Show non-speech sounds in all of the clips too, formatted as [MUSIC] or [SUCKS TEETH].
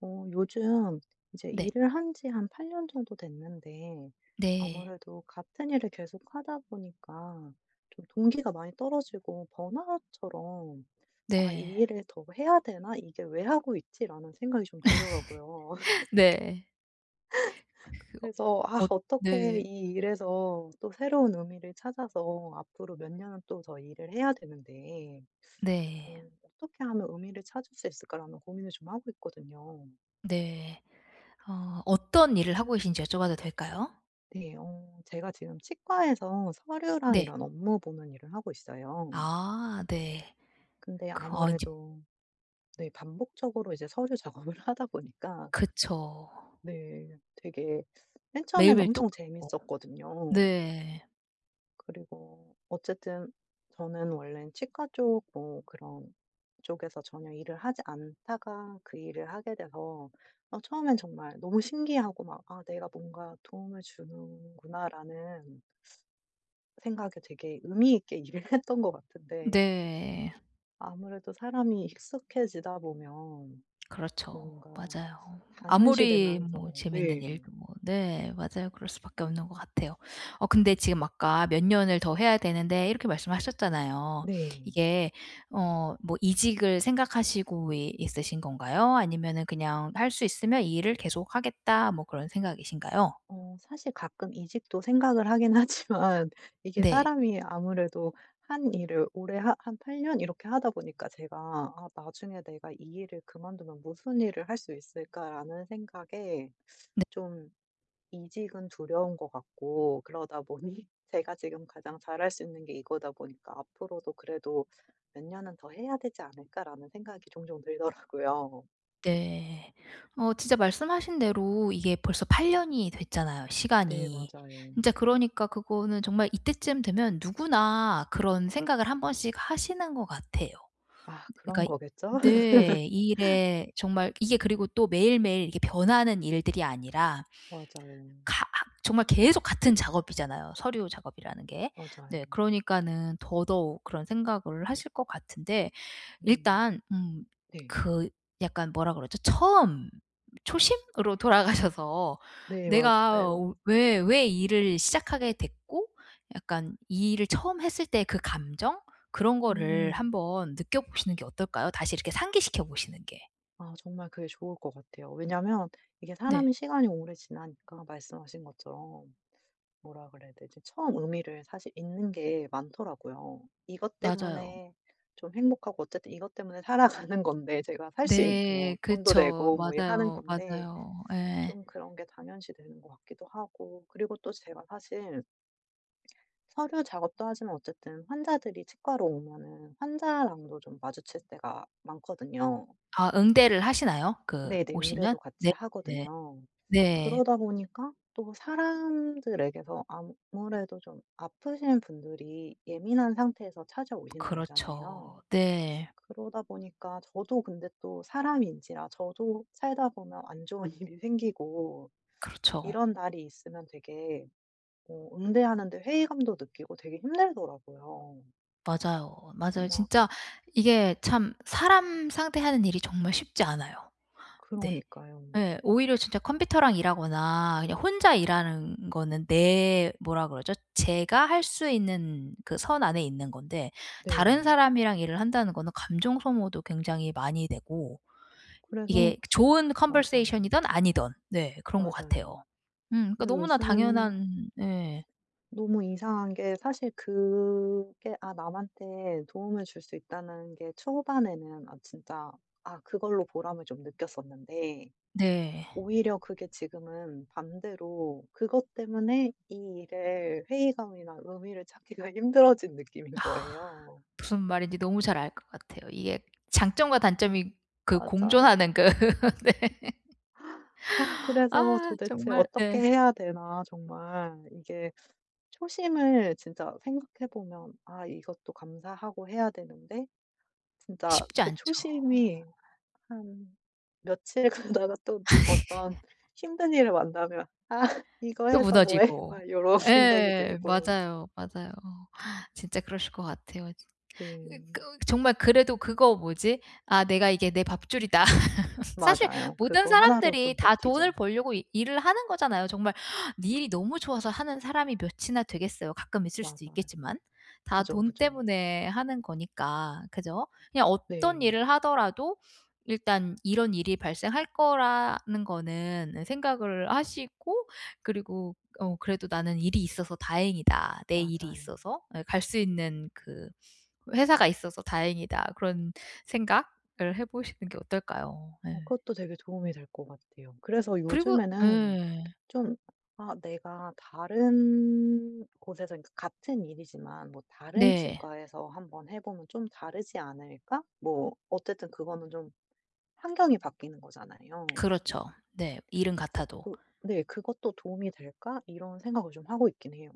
어 요즘 이제 네. 일을 한지 한 8 년 정도 됐는데 네. 아무래도 같은 일을 계속 하다 보니까 좀 동기가 많이 떨어지고 번아웃처럼 '아 이 네. 일을 더 해야 되나? 이게 왜 하고 있지?'라는 생각이 좀 들더라구요. [LAUGHS] [LAUGHS] 네. 그 어. 그래서 아 엇 어떻게 네. 이 일에서 또 새로운 의미를 찾아서 앞으로 몇 년은 또 더 일을 해야 되는데 네. 음 '어떻게 하면 의미를 찾을 수 있을까?'라는 고민을 좀 하고 있거든요. 네. 어 어떤 일을 하고 계신지 여쭤봐도 될까요? 네. 어 제가 지금 치과에서 서류랑 네. 이런 업무 보는 일을 하고 있어요. 아 네. 근데 그 어 인제 아무래도 네 반복적으로 이제 서류 작업을 하다 보니까 그쵸. 네. 되게 맨 처음에는 매일매일 엄청 똑같고. 재밌었거든요. 네. 그리고 어쨌든 저는 원래 치과 쪽 뭐 그런 쪽에서 전혀 일을 하지 않다가 그 일을 하게 돼서 어 처음엔 정말 너무 신기하고 막 '아 내가 뭔가 도움을 주는구나.'라는 생각에 되게 의미 있게 일을 했던 것 같은데 네. 아무래도 사람이 익숙해지다 보면 그렇죠. 뭔가 맞아요. 아무리 뭐 당연시되면서 재밌는 네. 일도 뭐 네 맞아요. 그럴 수밖에 없는 것 같아요. 어 근데 지금 아까 "몇 년을 더 해야 되는데." 이렇게 말씀을 하셨잖아요. 네. 이게 어 뭐 이직을 생각하시고 이 있으신 건가요? 아니면은 그냥 '할 수 있으면 이 일을 계속하겠다.' 뭐 그런 생각이신가요? 어 사실 가끔 이직도 생각을 하긴 하지만 이게 네. 사람이 아무래도 1 일을 오래 한 한 8 년 이렇게 하다 보니까 제가 '아 나중에 내가 이 일을 그만두면 무슨 일을 할 수 있을까?'라는 생각에 네. 좀 이직은 두려운 것 같고 그러다 보니 제가 지금 가장 잘할 수 있는 게 이거다 보니까 '앞으로도 그래도 몇 년은 더 해야 되지 않을까?'라는 생각이 종종 들더라고요. 네. 어 진짜 말씀하신 대로 이게 벌써 8 년이 됐잖아요 네 시간이. 맞아요. 진짜 그러니까 그거는 정말 이때쯤 되면 누구나 그런 생각을 1 번씩 하시는 것 같아요. 아 그니까 그런 이 거겠죠? 네 이 [LAUGHS] 일에 정말 이게 그리고 또 매일매일 이게 변하는 일들이 아니라 맞아요. 가 아 정말 계속 같은 작업이잖아요 서류 작업이라는 게. 네 맞아요. 그러니까는 더더욱 그런 생각을 하실 것 같은데 음. 일단 음 네. 그 약간 뭐라 그러죠? 처음 초심으로 돌아가셔서 네 내가 맞아요. 왜 왜 일을 시작하게 됐고 약간 이 일을 처음 했을 때 그 감정? 그런 거를 음. 한번 느껴 보시는 게 어떨까요? 다시 이렇게 상기시켜 보시는 게. 아 정말 그게 좋을 것 같아요. 왜냐하면 이게 네. 사람이 시간이 오래 지나니까 말씀하신 것처럼 뭐라 그래야 되지? 처음 의미를 사실 잊는 게 많더라고요. 이것 맞아요. 때문에 좀 행복하고 어쨌든 이것 때문에 살아가는 건데 제가 살 수 있는 네 뭐 돈도 그쵸. 내고 뭐 이 하는 맞아요, 건데 맞아요. 예. 좀 그런 게 당연시되는 것 같기도 하고 그리고 또 제가 사실 서류 작업도 하지만 어쨌든 환자들이 치과로 오면은 환자랑도 좀 마주칠 때가 많거든요. 아 응대를 하시나요? 그 네네. 오시면? 응대도 같이 네 네. 하거든요. 네. 그러다 보니까 또 사람들에게서 아무래도 좀 아프신 분들이 예민한 상태에서 찾아오시는 거잖아요. 그렇죠. 네. 그러다 보니까 저도 근데 또 사람인지라 저도 살다 보면 안 좋은 일이 생기고 그렇죠. 이런 날이 있으면 되게 어 응대하는데 회의감도 느끼고 되게 힘들더라고요. 맞아요, 맞아요. 막 진짜 이게 참 사람 상대하는 일이 정말 쉽지 않아요. 네. 그러니까요. 예 오히려 진짜 컴퓨터랑 일하거나 그냥 혼자 일하는 거는 내 뭐라 그러죠? 제가 할 수 있는 그 선 안에 있는 건데 다른 네. 사람이랑 일을 한다는 거는 감정 소모도 굉장히 많이 되고 그래서 이게 좋은 [SUCKS TEETH] conversation 맞아요. 이든 아니든 네 그런 것 같아요. 맞아요. 음 그러니까 그래서 너무나 요즘에는 당연한 예. 너무 이상한 게 사실 그게 아 남한테 도움을 줄 수 있다는 게 초반에는 아 진짜 아 그걸로 보람을 좀 느꼈었는데 네. 오히려 그게 지금은 반대로 그것 때문에 이 일에 회의감이나 의미를 찾기가 힘들어진 느낌인 아 거예요. 무슨 말인지 너무 잘 알 것 같아요. 이게 장점과 단점이 그 맞아요. 공존하는 그 [LAUGHS] 네. 아 그래서 아 도대체 정말 어떻게 네. 해야 되나 정말. 이게 초심을 진짜 생각해 보면 아 이것도 감사하고 해야 되는데 진짜 쉽지 그 않죠. 초심이 한 며칠 가다가 또 어떤 [LAUGHS] 힘든 일을 만나면' 아 이거 또 해서 뭐해?' 무너지고. 막 요런 생각이 예 들고 맞아요, 맞아요. 진짜 그러실 것 같아요. 진 이 그 네. 정말 그래도 그거 뭐지? '아 내가 이게 내 밥줄이다.' [LAUGHS] 사실 맞아요. 모든 그거 1 로 좀 사람들이 다 버티죠. 돈을 벌려고 이 일을 하는 거잖아요 정말. 니 일이 너무 좋아서 하는 사람이 몇이나 되겠어요 가끔 있을 수도 맞아요. 있겠지만. 다 그죠, 돈 그죠. 때문에 하는 거니까 그죠? 그냥 어떤 네. 일을 하더라도 일단 이런 일이 발생할 거라는 거는 생각을 하시고 그리고 어 그래도 '나는 일이 있어서 다행이다, 내 일이 맞아요. 있어서.' 예 '갈 수 있는 그 회사가 있어서 다행이다.' 그런 생각을 해 보시는 게 어떨까요? 어 네. 그것도 되게 도움이 될 것 같아요. 음 그래서 그리고 요즘에는 예. 좀 '아 내가 다른 곳에서 이 그러니까 같은 일이지만 뭐 다른 네. 치과에서 한번 해 보면 좀 다르지 않을까?' 뭐 어쨌든 그거는 좀 환경이 바뀌는 거잖아요. 그렇죠. 네. 일은 그래서 같아도. 그 네 '그것도 도움이 될까?' 이런 생각을 좀 하고 있긴 해요.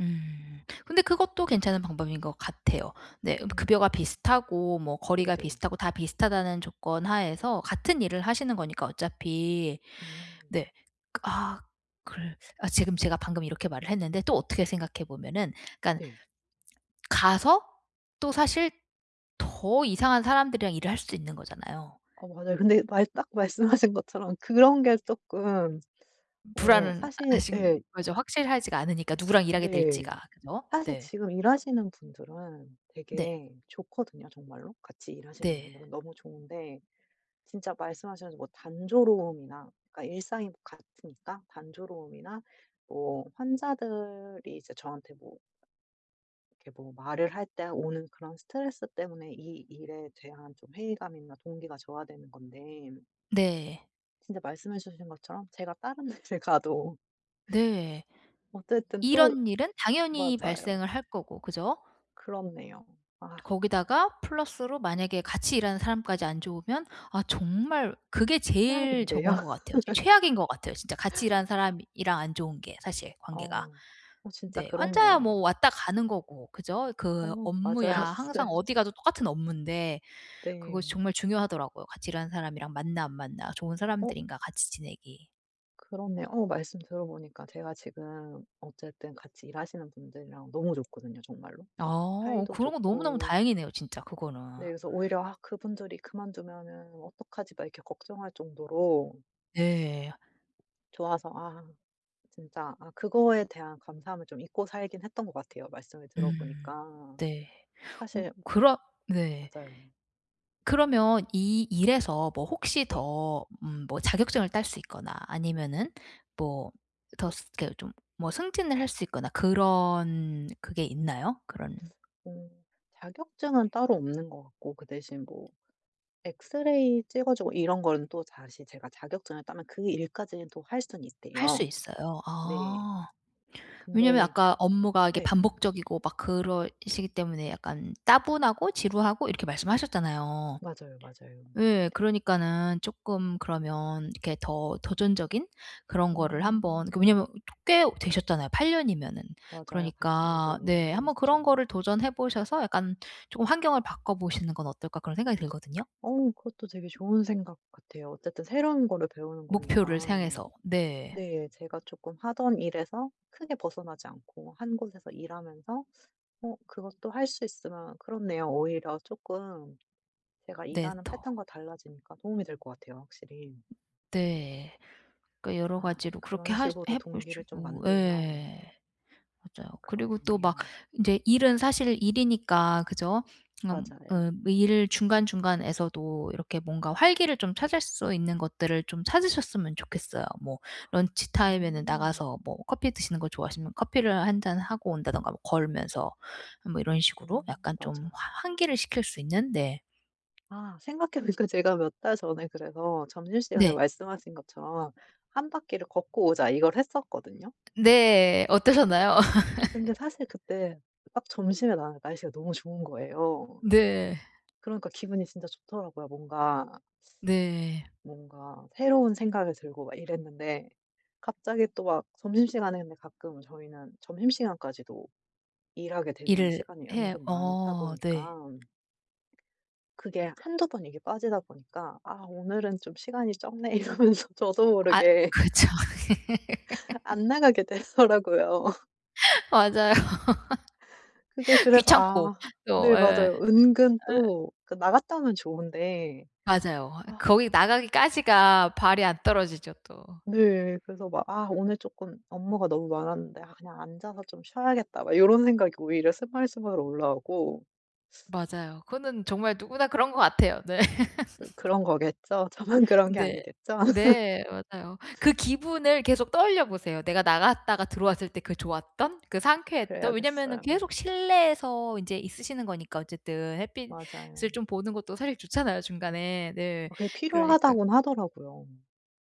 음. 근데 그것도 괜찮은 방법인 것 같아요. 네 급여가 음. 비슷하고 뭐 거리가 네네. 비슷하고 다 비슷하다는 조건 하에서 같은 일을 하시는 거니까 어차피 음. 네. 아 글 아 지금 제가 방금 이렇게 말을 했는데 또 어떻게 생각해 보면은 그러니까 네. 가서 또 사실 더 이상한 사람들이랑 일을 할 수도 있는 거잖아요. 어 맞아요. 근데 말 딱 말씀하신 것처럼 그런 게 쪼끔 어 불안은 사실 하신 예. 거죠. 확실하지가 않으니까 누구랑 일하게 네. 될지가. 그죠? 사실 네. 지금 일하시는 분들은 네. 되게 좋거든요 정말로? 같이 일하시는 네. 분들은 너무 좋은데 진짜 말씀하셔 가지고 뭐 단조로움이나 그러니까 일상이 같으니까 단조로움이나 뭐 환자들이 이제 저한테 뭐 이렇게 뭐 말을 할 때 아 오는 그런 스트레스 때문에 이 일에 대한 좀 회의감이나 동기가 저하되는 건데 네. 진짜 말씀해주신 것처럼 제가 다른 데를 가도 네. 어쨌든 또 이런 일은 당연히 맞아요. 발생을 할 거고 그죠? 그렇네요. 아. 거기다가 플러스로 만약에 같이 일하는 사람까지 안 좋으면 아 정말 그게 제일 최악인데요? 저건 것 같아요. [LAUGHS] 최악인 것 같아요. 진짜 같이 일하는 사람이랑 안 좋은 게 사실 관계가. 어우 어 진짜 네, 환자야 뭐 그렇네요. 왔다 가는 거고 그죠? 그 어 업무야 맞아요, 항상 맞아요. 어디 가도 똑같은 업무인데 그것이 네. 정말 중요하더라고요. 같이 일하는 사람이랑 맞나 안 맞나 좋은 어? 사람들인가 같이 지내기. 그렇네요. 어 말씀 들어보니까 제가 지금 어쨌든 같이 일하시는 분들이랑 너무 좋거든요 정말로. 막 어 사이도 그런 거 너무너무 좋고 다행이네요 진짜 그거는. 네. 그래서 오히려 '아 그분들이 그만두면은 어떡하지?' 막 이렇게 걱정할 정도로 네. 좋아서 아 진짜 아 그거에 대한 감사함을 좀 잊고 살긴 했던 것 같아요 말씀을 들어 음 보니까. 네. 어 사실 그럼 네. 맞아요. 그러면 이 일에서 뭐 혹시 네. 더 음 뭐 자격증을 딸 수 있거나 아니면은 뭐 더 스 이렇게 좀 뭐 승진을 할 수 있거나 그런 그게 있나요 그런? 어 자격증은 따로 없는 것 같고 그 대신 뭐 엑스레이 찍어 주고 이런 거는 또 다시 제가 자격증을 따면 그 일까지는 또 할 수는 할 수 있대요. 있어요. 네. 아 왜냐하면 근데 아까 업무가 이렇게 네. 반복적이고 막 그러시기 때문에 약간 따분하고 지루하고 이렇게 말씀하셨잖아요. 맞아요, 맞아요. 예 그러니까는 쪼끔 그러면 이렇게 더 도전적인 그런 거를 한번 그 음. 왜냐하면 꽤 되셨잖아요 8 년이면은. 맞아요. 같은 일을 그러니까 오래 네 하긴 한번 했죠. 그런 거를 도전해 보셔서 약간 쪼금 '환경을 바꿔 보시는 건 어떨까.' 그런 생각이 들거든요. 어 그것도 되게 좋은 생각 같아요. 어쨌든 새로운 거를 배우는 목표를 거니까. 향해서 네. 네. 제가 쪼끔 하던 일에서 크게 벗어나지 않고 1 곳에서 일하면서 어 그것도 할 수 있으면 그렇네요. 오히려 쪼끔 제가 네 일하는 또. 패턴과 달라지니까 도움이 될 것 같아요 확실히. 네. 그러니까 여러 아 가지로 그렇게 그런 하시 식으로 해 동기를 좀 보시고 만들면 예. 맞아요. 음 그리고 또 막 그렇겠네요. 인제 일은 사실 일이니까 그죠? 그니까 어 맞아요. 일 중간중간에서도 이렇게 뭔가 활기를 좀 찾을 수 있는 것들을 좀 찾으셨으면 좋겠어요. 뭐 런치타임에는 음. 나가서 뭐 커피 드시는 거 좋아하시면 커피를 1 잔 하고 온다든가 뭐 걸으면서 뭐 이런 식으로 음 약간 좀 맞아요. 화 환기를 시킬 수 있는 네. 아 생각해 보니까 제가 몇 달 전에 그래서 점심시간에 네. 말씀하신 것처럼' 1 바퀴를 걷고 오자.' 이걸 했었거든요. 네 어떠셨나요? 근데 사실 [LAUGHS] 그때 딱 점심에 나가니까 날씨가 너무 좋은 거예요. 네. 그러니까 기분이 진짜 좋더라구요. 뭔가 네. 뭔가 새로운 생각이 들고 막 이랬는데 갑자기 또 막 점심시간에 근데 가끔 저희는 점심시간까지도 일하게 되는 일을 시간이 해 은근 많다 어 네. 보니깐 그게 1-2 번 이게 빠지다 보니까 '아 오늘은 좀 시간이 적네.' 이러면서 저도 아 모르게 그렇죠. [LAUGHS] 안 나가게 되더라고요. [LAUGHS] [LAUGHS] 맞아요. 그게 [LAUGHS] 그래서 귀찮고 아 또. 네 예. 예. 맞아요. 은근 예. 또 그 나갔다 오면 좋은데. 맞아요. 아. 거기 나가기까지가 발이 안 떨어지죠, 또. 네. 그래서 막 '아 오늘 조금 업무가 너무 많았는데 아 그냥 앉아서 좀 쉬어야겠다.' 막 요런 생각이 오히려 스멀스멀 올라오고. [SUCKS TEETH] 맞아요. 그거는 정말 누구나 그런 것 같아요. 네. 그 [LAUGHS] 그런 거겠죠. 저만 그런 게 네. 아니겠죠? 네. 맞아요. 그 [LAUGHS] 기분을 계속 떠올려 보세요. 내가 나갔다가 들어왔을 때 그 좋았던, 그 아 상쾌했던 왜냐면은 그래야겠어요. 계속 실내에서 인제 있으시는 거니까 어쨌든 햇빛을 맞아요. 좀 보는 것도 사실 좋잖아요 중간에. 네. 어 그게 그러니까 필요하다곤 하더라고요.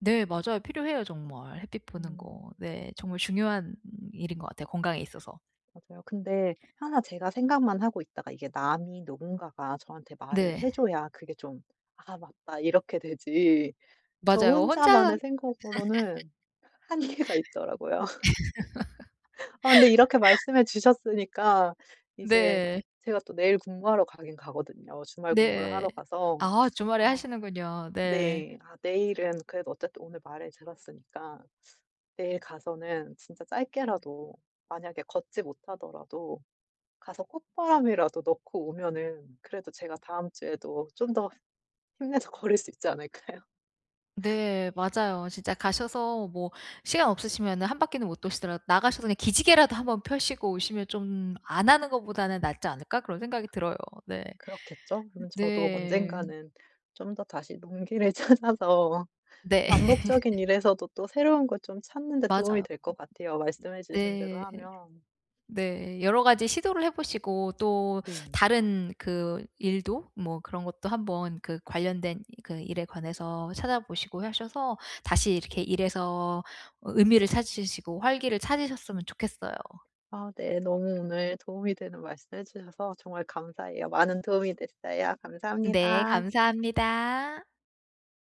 네 맞아요. 필요해요, 정말. 햇빛 보는 거. 음. 네. 정말 중요한 일인 것 같아요, 건강에 있어서. 맞아요. 근데 항상 제가 생각만 하고 있다가 이게 남이 누군가가 저한테 말을 네. 해줘야 그게 좀 '아 맞다.' 이렇게 되지. 저 맞아요. 혼자 혼자만의 생각으로는 한계가 있더라고요. [LAUGHS] 아 근데 이렇게 말씀해 [LAUGHS] 주셨으니까 이제 네. 제가 또 내일 근무하러 가긴 가거든요, 주말 근무를 네. 하러 가서. 아 주말에 아, 하시는군요. 네. 네. 아 내일은 그래도 어쨌든 오늘 말을 들었으니까 내일 가서는 진짜 짧게라도 만약에 걷지 못하더라도 가서 콧바람이라도 넣고 오면은 그래도 제가 다음 주에도 좀 더 힘내서 걸을 수 있지 않을까요? [LAUGHS] 네. 맞아요. 진짜 가셔서 뭐 시간 없으시면은 1 바퀴는 못 도시더라도 나가셔서 그냥 기지개라도 1 번 펴시고 오시면 좀 안 하는 것보다는 낫지 않을까 그런 생각이 들어요. 네. 그렇겠죠. 그럼 저도 네. 언젠가는 좀 더 다시 용기를 찾아서 네. 반복적인 [LAUGHS] 일에서도 또 새로운 걸 좀 찾는 데 도움이 맞아요. 될 것 같아요, 말씀해 주신 대로 네. 하면. 네. 여러 가지 시도를 해보시고 또 네. 다른 그 일도 뭐 그런 것도 한번 그 관련된 그 일에 관해서 찾아보시고 하셔서 다시 이렇게 일에서 어 의미를 찾으시고 활기를 찾으셨으면 좋겠어요. 아 네. 너무 오늘 도움이 되는 말씀해 주셔서 정말 감사해요. 많은 도움이 됐어요. 네 감사합니다. 감사합니다.